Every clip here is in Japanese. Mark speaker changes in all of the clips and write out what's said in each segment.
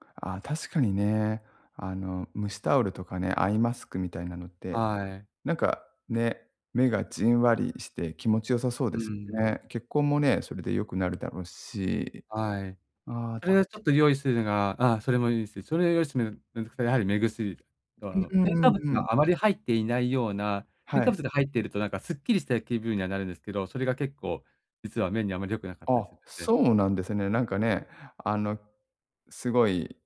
Speaker 1: ああ、確かにね。あの蒸しタオルとかね、アイマスクみたいなのって、
Speaker 2: はい。
Speaker 1: なんかね、目がじんわりして気持ち良さそう
Speaker 2: う
Speaker 1: で
Speaker 2: ー
Speaker 1: すよ
Speaker 2: ん。
Speaker 1: ね。血行もね、それで良くなるだろうし。
Speaker 2: はい。
Speaker 1: ああ。
Speaker 2: それ
Speaker 1: 確
Speaker 2: はちょっと用意するのがああ、それもいいし、それを用意してみる。うんと、くすやはり目薬。と、あ
Speaker 1: う
Speaker 2: の
Speaker 1: んう
Speaker 2: 添
Speaker 1: んう
Speaker 2: 加
Speaker 1: ん
Speaker 2: 物
Speaker 1: うん。
Speaker 2: があまり入っていないような、添
Speaker 1: はい。
Speaker 2: 加物が入っているとなんかすっきりした気分にはなるんですけど、それが結構実は目にあまり良くなかったり
Speaker 1: あ、
Speaker 2: するので。
Speaker 1: そうなんですね。なんかね、あのすごい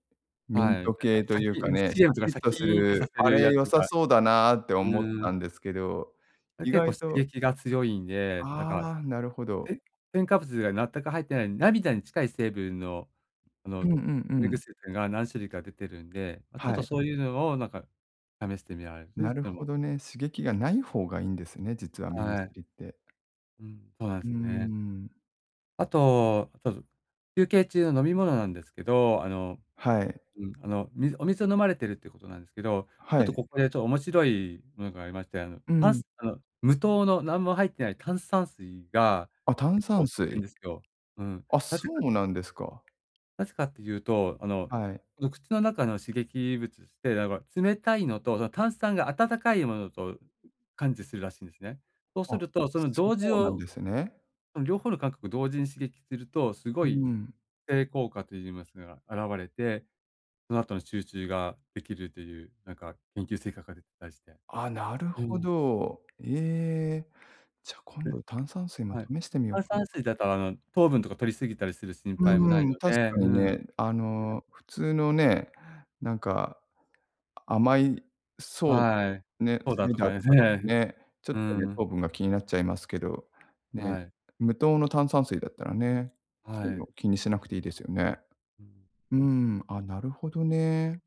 Speaker 1: ミ
Speaker 2: は
Speaker 1: ン
Speaker 2: い。なん
Speaker 1: ト
Speaker 2: か
Speaker 1: 系
Speaker 2: シ
Speaker 1: と
Speaker 2: ャ
Speaker 1: いう
Speaker 2: キ
Speaker 1: か
Speaker 2: ン
Speaker 1: ね。シャ
Speaker 2: CM とか
Speaker 1: キッ
Speaker 2: シャ
Speaker 1: と
Speaker 2: キ
Speaker 1: す
Speaker 2: ーンって刺
Speaker 1: る、
Speaker 2: さ
Speaker 1: あ
Speaker 2: る
Speaker 1: れ
Speaker 2: やつ
Speaker 1: 良さ
Speaker 2: が
Speaker 1: そうだなって
Speaker 2: う
Speaker 1: 思っ
Speaker 2: ーん。
Speaker 1: たんですけど、
Speaker 2: あれ
Speaker 1: 意
Speaker 2: 結構
Speaker 1: 外
Speaker 2: 刺
Speaker 1: と
Speaker 2: 激が強いんで、なんか、
Speaker 1: ああ、なるほど。
Speaker 2: て添加物が全く入ってない涙に近い成分の、あ
Speaker 1: う
Speaker 2: の、
Speaker 1: んうん
Speaker 2: 目
Speaker 1: うん。
Speaker 2: 薬というのが、何種類か出てるんで、ま、ちょっ
Speaker 1: は
Speaker 2: と
Speaker 1: い。
Speaker 2: そういうのをなんか試してみられる
Speaker 1: な
Speaker 2: し、
Speaker 1: る
Speaker 2: で
Speaker 1: ほ
Speaker 2: も。
Speaker 1: どね。刺激がない方がいいんですね、実は目
Speaker 2: はい。
Speaker 1: 薬って。
Speaker 2: うん、そうなん
Speaker 1: うー
Speaker 2: すよね。
Speaker 1: ん。
Speaker 2: あと、ちょと休憩中飲み物なんですけど、あの、
Speaker 1: はい。
Speaker 2: うん。あの水お水を飲まれているっていうことなんですけど、ちょ
Speaker 1: は
Speaker 2: っと
Speaker 1: い。
Speaker 2: ここでちょ面白いものがありまして、あの
Speaker 1: う
Speaker 2: パ
Speaker 1: ん。
Speaker 2: スあの、無糖の何も入ってない炭酸水が
Speaker 1: あ、炭
Speaker 2: 結構
Speaker 1: 酸
Speaker 2: 効くん
Speaker 1: 水。
Speaker 2: ですよ。うん。
Speaker 1: あ、
Speaker 2: な
Speaker 1: そ
Speaker 2: ぜか
Speaker 1: うなんですか。
Speaker 2: なぜかっていうと、あの
Speaker 1: はい。
Speaker 2: お口の中の刺激物して、なんこれ、冷たいのと、だ、炭酸が温かいものと感知するらしいんですね。そうす
Speaker 1: あ、
Speaker 2: るとその
Speaker 1: そ
Speaker 2: 同時
Speaker 1: うなん
Speaker 2: を
Speaker 1: ですね。
Speaker 2: ん、両方の感覚を同時に刺激すると、す
Speaker 1: う
Speaker 2: ごい、
Speaker 1: ん。
Speaker 2: 醒効果と言いますが、現れて、その後の集中ができるという、なんか研究成果が出てたりして。
Speaker 1: あ、なる
Speaker 2: う
Speaker 1: ほ
Speaker 2: ーん。
Speaker 1: ど。ええ、じゃあ今
Speaker 2: うん。
Speaker 1: 度炭酸水も
Speaker 2: はい。
Speaker 1: 試してみよう
Speaker 2: 炭
Speaker 1: かな。
Speaker 2: 酸水だとあの糖分とか摂り過ぎたりする心
Speaker 1: う
Speaker 2: 配もない
Speaker 1: ーん。
Speaker 2: の
Speaker 1: 確
Speaker 2: で。
Speaker 1: か
Speaker 2: う
Speaker 1: に
Speaker 2: ん。う
Speaker 1: ね、あ
Speaker 2: ん。
Speaker 1: の普通のね、なんか甘いそ
Speaker 2: はい。
Speaker 1: う、ね、
Speaker 2: ソー
Speaker 1: サ
Speaker 2: ダ
Speaker 1: イ
Speaker 2: と
Speaker 1: ダー
Speaker 2: かで
Speaker 1: と
Speaker 2: す
Speaker 1: かだと
Speaker 2: ね。
Speaker 1: ね。ちょっ
Speaker 2: うー
Speaker 1: とね。
Speaker 2: ん。
Speaker 1: 糖分が気になっちゃいますけど、ね、
Speaker 2: はい。
Speaker 1: 無糖の炭酸水だったらね、
Speaker 2: は
Speaker 1: そういう
Speaker 2: い。
Speaker 1: の気にしなくていいですよね。
Speaker 2: うん。
Speaker 1: うーん。あ、なるほどね。